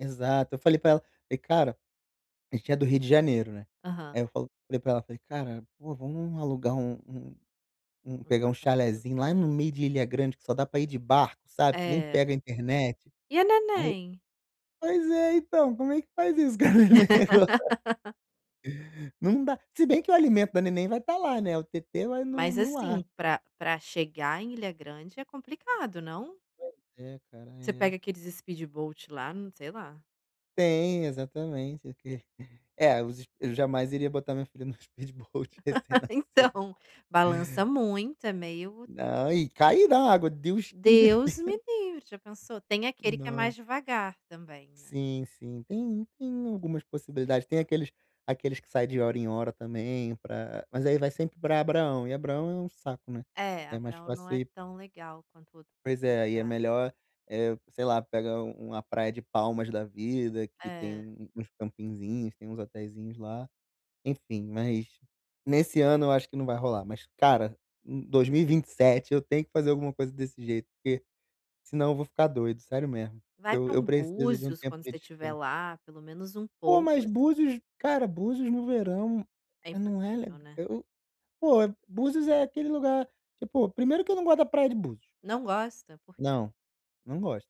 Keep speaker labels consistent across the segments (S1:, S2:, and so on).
S1: Exato. Eu falei pra ela, falei: "Cara" a gente é do Rio de Janeiro, né,
S2: Aham.
S1: aí eu falo falei para ela, falei: "Cara, pô, vamos alugar um um um
S2: Não
S1: pegar
S2: dá
S1: um
S2: pra
S1: chalezinho lá
S2: [unintelligible]
S1: no meio de Ilha Grande que só dá pra ir de barco, sabe, que nem
S2: É.
S1: pega a internet".
S2: E a
S1: Aí
S2: neném?
S1: pois é, então, como é que faz isso com a neném Não dá se bem que o alimento da neném vai estar lá, né, o têtê vai no
S2: Mas
S1: no ar.
S2: assim, pra pra chegar em Ilha Grande é complicado, não?
S1: Pois é, cara,
S2: Você pega
S1: é.
S2: aqueles speedboat lá não, sei lá.
S1: Tem, exatamente, o que é, os eu jamais iria botar minha filha no speedboat recém-nascido.
S2: Então balança muito é meio
S1: Não, e caí da água, Deus me
S2: Deus me
S1: defen
S2: livre! Já pensou? Tem aquele que é mais
S1: Nossa.
S2: devagar também, né.
S1: Sim, sim, tem tem algumas possibilidades. Tem aqueles aqueles que sai de hora em hora também pra mas aí vai sempre pra Abraão, e Abraão é um saco, né,
S2: É,
S1: é mais
S2: Abraão não
S1: fácil
S2: é
S1: ir
S2: tão legal quanto outros
S1: Pois é, aí, é
S2: lugares.
S1: melhor, eh, sei lá, pega u uma praia de Palmas da vida que tem
S2: É.
S1: um um uns campinzinhos, tem uns Hoteizinhos lá. Enfim, mas nesse ano eu acho que não vai rolar, mas, cara, u 2027 eu tenho que fazer alguma coisa desse jeito, porque senão eu vou ficar doido, sério mesmo.
S2: Vai
S1: Eu
S2: pra
S1: eu
S2: um
S1: preciso de um
S2: Búzios
S1: tempo
S2: quando
S1: de
S2: você estiver
S1: descan
S2: lá, pelo menos um
S1: Pô,
S2: pouco,
S1: mas
S2: assim.
S1: Búzios, cara, Búzios no verão,
S2: É
S1: não é
S2: impossível,
S1: le
S2: né.
S1: eu pô, Búzios é aquele lugar, tipo, primeiro que eu não gosto da praia de Búzios.
S2: Não gosta? Por quê?
S1: Não, não gosto.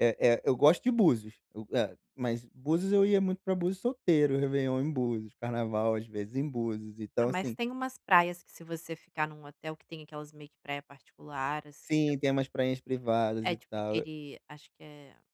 S1: Eh eh, eu gosto de Búzios, eu hã. Mas Búzios, eu ia muito para Búzios solteiro, réveillon em Búzios, carnaval, às vezes, em Búzios,
S2: Ah,
S1: então
S2: mas
S1: assim
S2: tem umas praias que se você ficar num hotel que tem aquelas meio que praia particular, assim
S1: Sim, tem umas prainhas privadas
S2: é,
S1: e
S2: tipo
S1: tal, e
S2: aquele acho que é